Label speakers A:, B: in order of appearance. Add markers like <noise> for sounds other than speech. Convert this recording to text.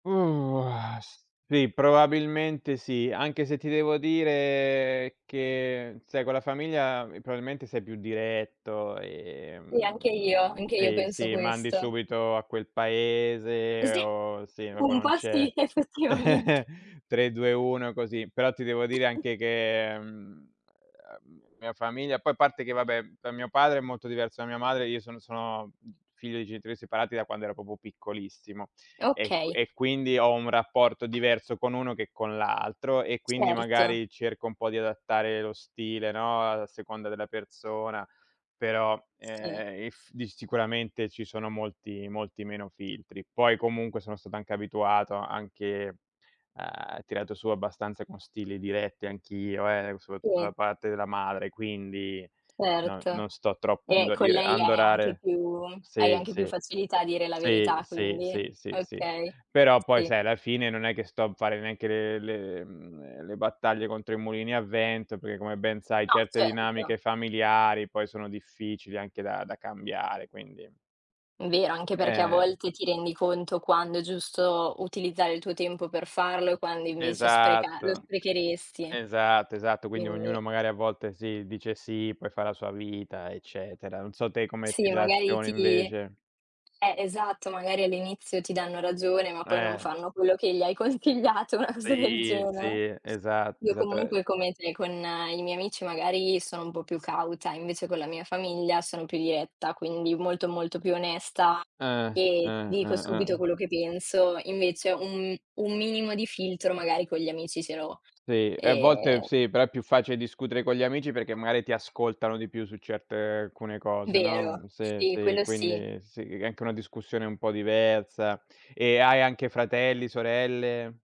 A: Mhmm, o ah, sì, probabilmente sì. Anche se ti devo dire che sai con la famiglia probabilmente sei più diretto,
B: Sì, anche io,
A: ehm,
B: anche io
A: sì
B: penso
A: sì, mandi
B: questo.
A: subito a quel paese
B: Cos'è?
A: o sì, proprio
B: Un
A: non
B: po'
A: c'è
B: sì, effettivamente.
A: <chuckles> 3, 2, 1 così. Però ti devo dire anche che, mhmm, la mia famiglia poi a parte che vabbè con mio padre è molto diverso da mia madre, io sono sono figlio di genitori separati da quando ero proprio piccolissimo e qu
B: Okay.
A: e quindi ho un rapporto diverso con uno che con l'altro e quindi
B: Certo.
A: magari cerco un po' di adattare lo stile, no, a seconda della persona, però,
B: Sì.
A: ehm, eff di sicuramente ci sono molti molti meno filtri. Poi comunque sono stato anche abituato anche, ehm, tirato su abbastanza con stili diretti anch'io eh, soprattutto da
B: Sì.
A: parte della madre quindi no
B: Certo.
A: non sto troppo a
B: E con
A: indorire a
B: lei hai anche
A: indorare
B: più hai
A: sì,
B: anche più
A: sì.
B: facilità a dire la
A: Sì,
B: verità,
A: sì,
B: quindi.
A: sì, sì,
B: Okay.
A: però poi
B: Sì.
A: sai alla fine non è che sto a fare neanche le le mhmm, le battaglie contro i mulini a vento, perché come ben sai
B: No,
A: certe
B: certo.
A: dinamiche familiari poi sono difficili anche da da cambiare quindi.
B: Vero, anche perché a
A: Eh.
B: volte ti rendi conto quando è giusto utilizzare il tuo tempo per farlo e quando invece spreca lo
A: Esatto,
B: sprecheresti,
A: esatto, esatto quindi ognuno
B: quindi
A: magari a volte si dice sì, poi fa la sua vita eccetera. Non so te come ti
B: Sì, magari
A: relazioni
B: ti
A: invece.
B: eh, esatto, magari all'inizio ti danno ragione, ma poi non
A: Eh.
B: fanno quello che gli hai consigliato, una cosa del
A: Sì,
B: genere.
A: sì, esatto,
B: Io
A: esatto,
B: comunque
A: ehm
B: come te, con i miei amici magari sono un po' più cauta, invece con la mia famiglia sono più diretta, quindi molto molto più onesta
A: Ah,
B: e ti
A: ah,
B: dico
A: ah, ah.
B: subito quello che penso. Invece un m un minimo di filtro magari con gli amici ce l'ho,
A: Sì, e a volte
B: ehm
A: sì, però è più facile discutere con gli amici perché magari ti ascoltano di più su certe alcune cose, no
B: Vero,
A: sì,
B: sì,
A: sì,
B: quello sì.
A: quindi sì, è anche una discussione un po' diversa e hai anche fratelli, sorelle?